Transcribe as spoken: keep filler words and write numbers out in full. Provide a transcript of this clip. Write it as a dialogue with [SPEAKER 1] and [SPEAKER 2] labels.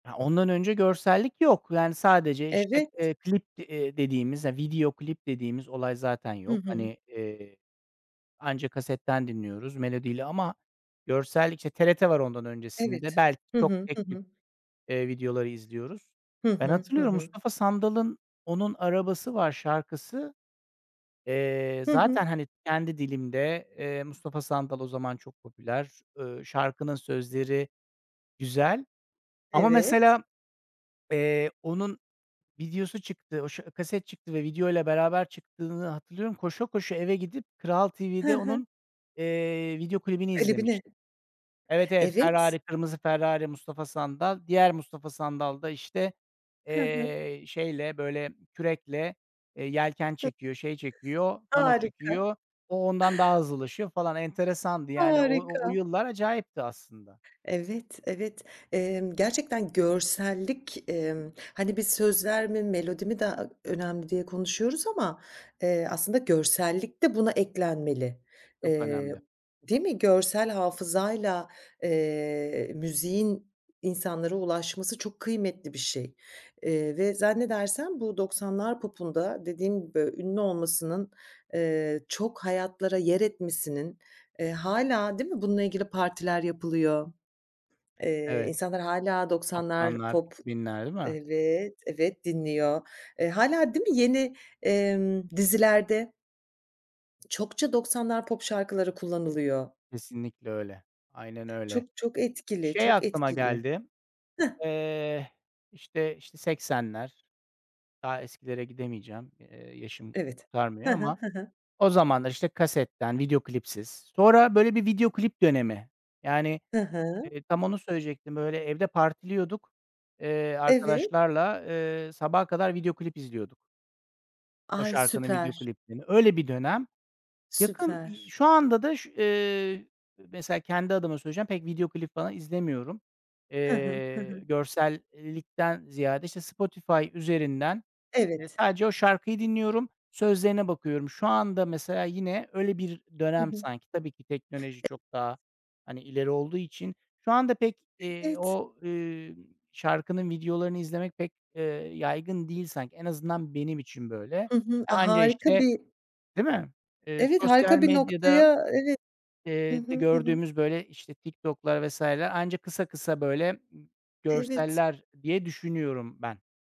[SPEAKER 1] Ya, ondan önce görsellik yok. Yani, sadece işte,
[SPEAKER 2] Evet.
[SPEAKER 1] eee, klip, eee, dediğimiz, video klip dediğimiz olay zaten
[SPEAKER 2] Hı
[SPEAKER 1] yok.
[SPEAKER 2] hı.
[SPEAKER 1] Hani, eee, anca kasetten dinliyoruz melodiyle ama görsellik, işte, TRT var ondan
[SPEAKER 2] Evet.
[SPEAKER 1] öncesinde. Belki
[SPEAKER 2] Hı
[SPEAKER 1] çok
[SPEAKER 2] hı, hı
[SPEAKER 1] tek tip,
[SPEAKER 2] hı.
[SPEAKER 1] eee, videoları izliyoruz.
[SPEAKER 2] Hı
[SPEAKER 1] Ben
[SPEAKER 2] hı, hı
[SPEAKER 1] hatırlıyorum,
[SPEAKER 2] hı.
[SPEAKER 1] Mustafa Sandal'ın "Onun Arabası Var" şarkısı, eee,
[SPEAKER 2] Hı hı.
[SPEAKER 1] zaten, hani, kendi dilimde. Eee, Mustafa Sandal o zaman çok popüler. Eee, şarkının sözleri güzel. Ama
[SPEAKER 2] Evet.
[SPEAKER 1] mesela, eee, onun videosu çıktı. O ş kaset çıktı ve videoyla beraber çıktığını hatırlıyorum. Koşa koşa eve gidip Kral
[SPEAKER 2] Hı
[SPEAKER 1] TV'de
[SPEAKER 2] hı.
[SPEAKER 1] onun, eee, video klibini
[SPEAKER 2] Klibine.
[SPEAKER 1] izlemiştim. Evet, evet.
[SPEAKER 2] Evet.
[SPEAKER 1] Ferrari, kırmızı Ferrari, Mustafa Sandal. Diğer Mustafa Sandal da işte,
[SPEAKER 2] Hı hı.
[SPEAKER 1] eee, şeyle, böyle kürekle, eee, yelken
[SPEAKER 2] [unintelligible]
[SPEAKER 1] çekiyor, şey çekiyor, kano
[SPEAKER 2] Harika.
[SPEAKER 1] çekiyor. O ondan daha hızlılaşıyor falan. Enteresandı, yani. O o
[SPEAKER 2] Harika.
[SPEAKER 1] yıllar acayipti aslında.
[SPEAKER 2] Evet, evet. Eee, gerçekten görsellik, eee, hani, biz sözler mi melodi mi daha önemli diye konuşuyoruz ama, eee, aslında görsellik de buna eklenmeli.
[SPEAKER 1] Çok
[SPEAKER 2] Eee,
[SPEAKER 1] önemli.
[SPEAKER 2] değil mi? Görsel hafızayla, eee, müziğin insanlara ulaşması çok kıymetli bir şey, eee, ve zannedersem bu doksanlar popunda, dediğim gibi, ünlü olmasının, eee, çok hayatlara yer etmesinin, eee, hâlâ, değil mi, bununla ilgili partiler yapılıyor,
[SPEAKER 1] Evet.
[SPEAKER 2] insanlar hâlâ doksanlar
[SPEAKER 1] doksanlar
[SPEAKER 2] pop,
[SPEAKER 1] ikibinler değil mi?
[SPEAKER 2] evet evet, dinliyor. Eee, hâlâ, değil mi, yeni, eee, dizilerde Çokça doksanlar pop şarkıları kullanılıyor.
[SPEAKER 1] Kesinlikle öyle. Aynen öyle.
[SPEAKER 2] Çok, çok etkili,
[SPEAKER 1] Şey
[SPEAKER 2] çok
[SPEAKER 1] aklıma
[SPEAKER 2] etkili.
[SPEAKER 1] geldi.
[SPEAKER 2] Hıh.
[SPEAKER 1] Eee, işte işte seksenler. Daha eskilere gidemeyeceğim. Eee, yaşım
[SPEAKER 2] Evet. Hı
[SPEAKER 1] kurtarmıyor
[SPEAKER 2] hı,
[SPEAKER 1] ama
[SPEAKER 2] hı hı.
[SPEAKER 1] o zaman da işte kasetten, video klipsiz. Sonra böyle bir video klip dönemi. Yani,
[SPEAKER 2] Hı hı.
[SPEAKER 1] eee, tam onu söyleyecektim. Öyle evde partiliyorduk. Eee,
[SPEAKER 2] Evet.
[SPEAKER 1] arkadaşlarla, eee, sabaha kadar video klip izliyorduk. O
[SPEAKER 2] Ay,
[SPEAKER 1] şarkının video
[SPEAKER 2] süper.
[SPEAKER 1] kliplerini. Öyle bir dönem. Yakın, i
[SPEAKER 2] Süper.
[SPEAKER 1] şu anda da, eee, mesela kendi adıma söyleyeceğim, pek video klip falan izlemiyorum.
[SPEAKER 2] Hı hı. Hı
[SPEAKER 1] Eee,
[SPEAKER 2] hı.
[SPEAKER 1] görsellikten ziyade, işte, Spotify üzerinden, iii,
[SPEAKER 2] Evet.
[SPEAKER 1] sadece o şarkıyı dinliyorum. Sözlerine bakıyorum. Şu anda mesela yine öyle bir
[SPEAKER 2] Hı
[SPEAKER 1] dönem
[SPEAKER 2] hı.
[SPEAKER 1] sanki. Tabii ki teknoloji çok daha,
[SPEAKER 2] [unintelligible]
[SPEAKER 1] hani, ileri olduğu için. Şu anda pek, eee,
[SPEAKER 2] Evet.
[SPEAKER 1] o, eee, şarkının videolarını izlemek pek, eee, yaygın değil sanki. En azından benim için böyle. Eee,
[SPEAKER 2] Hı hı. Aaa,
[SPEAKER 1] anca
[SPEAKER 2] harika
[SPEAKER 1] işte,
[SPEAKER 2] bir
[SPEAKER 1] değil mi, eee,
[SPEAKER 2] Evet,
[SPEAKER 1] sosyal
[SPEAKER 2] harika bir
[SPEAKER 1] medyada,
[SPEAKER 2] noktaya evet. Hı
[SPEAKER 1] eee, de
[SPEAKER 2] hı.
[SPEAKER 1] gördüğümüz böyle, işte, TikTok'lar vs. Anca kısa kısa böyle, ımm,
[SPEAKER 2] Evet.
[SPEAKER 1] görseller diye düşünüyorum ben.